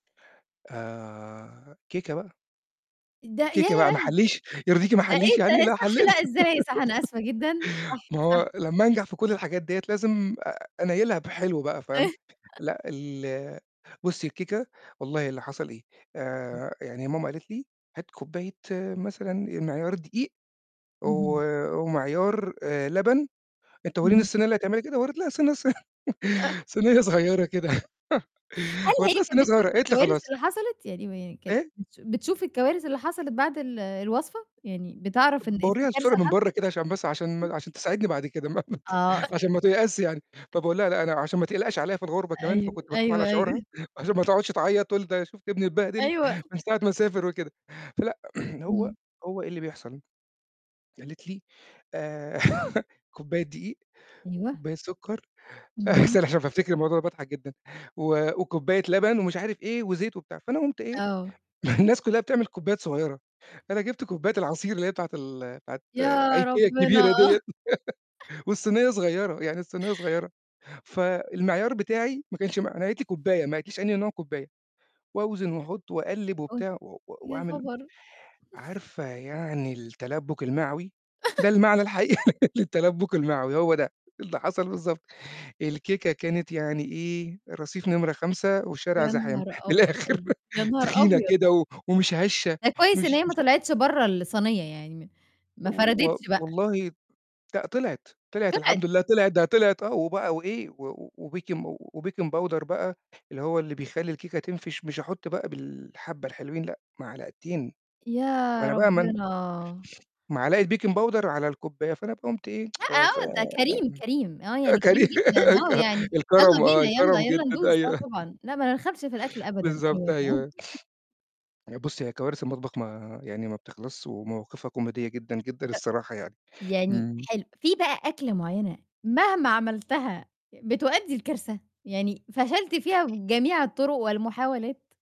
آآ، كيكة بقى. ده كيكة بقى ما ياه! أحلّيش؟ يرضيكِ ما ده إيه أحلّيش يعني؟ ده لا صح حليت لأ إزاي صح، أنا آسفة جدًا. صح، ما صح. هو لما أنجح في كل الحاجات ديّة لازم أ أنيّلها بحلو بقى، فاهم؟ إيه لأ ال بُصي الكيكة والله اللي حصل إيه؟ امم. آآ يعني ماما قالت لي هات كوبّاية مثلًا أ معيار دقيق و اهم. ومعيار آآ لبن أنت ورّيني اهم. الصينية اللي هتعملها كده؟ ورّيت لها الصينية الص آه. صينية صغيرة كده هل هي ورّيت لها كانت صينية بتشوف صغيرة، قالت لي الكوارث خلاص. اللي حصلت؟ يعني م كانت إيه؟ بتش بتشوف الكوارث اللي حصلت بعد ال الوصفة، يعني بتعرف إن باورّيها في الصورة كارثة من حص برّا كده عشان بس عشان امم. ما عشان تساعدني بعد كده، ما ما ت آه. أ عشان ما تيأسش يعني، فباقول لها لأ أنا عشان ما تقلقش عليّا في الغربة كمان أيو فكنت باخاف على أيوه، شعورها، أيوه. وعشان ما تقعدش تعيّط تقول ده شُفت ابني اتبهدل أيوه من ساعة ما سافر وكده، فلأ هو إمم. هو إيه اللي بيحصل؟ قالت لي آآ، كوبّاية دقيق، أيوه. كوبّاية سكر اهم. استنّي عشان بافتكر الموضوع باضحك جدًا و وكوبّاية لبن ومش عارف إيه وزيت وبتاع، فأنا قمت إيه؟ آه. ما الناس كلها بتعمل كوبّايات صغيرة، أنا جبت كوبّاية العصير اللي هي بتاعة ال بتاعة يا IKEA ربنا! الكبيرة دِيّة والصينية صغيرة، يعني الصينية صغيرة، فالمعيار بتاعي ما كانش ما أنا قالِت لي كوبّاية ما قالِتليش أنهي نوع كوبّاية وأوزن وأحُط وأقلّب أوه وبتاع و يا وأعمل خبر! عارفة يعني التلبُّك المعوي؟ ده المعنى الحقيقي للتلبُّك المعوي، هو ده. اللي حصل بالضبط الكيكة كانت يعني إيه؟ رصيف نمرة 5 يا والشارع زحام، نهار من الآخر أبيض! يا نهار تخينة أبيض! كده ومش هشة ده كويس إن مش هي ما مش طلعتش برّا الصينية يعني، م ما و و فردِتش بقى. والله لأ طلعِت، طلعِت طلعِت! الحمد لله، طلعِت ده طلعِت آه وبقى وإيه و وBakin وBaking powder بقى اللي هو اللي بيخلّي الكيكة تنفش، مش أحُط بقى بالحبّة الحلوين لأ معلقتين. ما يا أنا بقى ما أنا ربنا! معلقة Baking powder على الكوبّاية، فأنا بقى قُمت إيه لأ آآ ف آه ده آه كريم، كريم. آه يعني كري كريم جدًا، آه ك يعني يالّا الكرم آه بينا، يالّا الكرم يالّا جدًا ندوس، آه أيوه طبعًا، لأ ما نرخمش في الأكل أبدًا. بالضبط أيوه، فاهمة. أيوه. يعني بُصي هي كوارث المطبخ ما يعني ما بتخلصشِ ومواقفها كوميدية جدًا، جدًا أ الصراحة يعني. يعني امم. حلو، في بقى أكلة معينة، مهما عملتها بتؤدي لكارثة، يعني فشلت فيها بجميع الطرق والمحاولات؟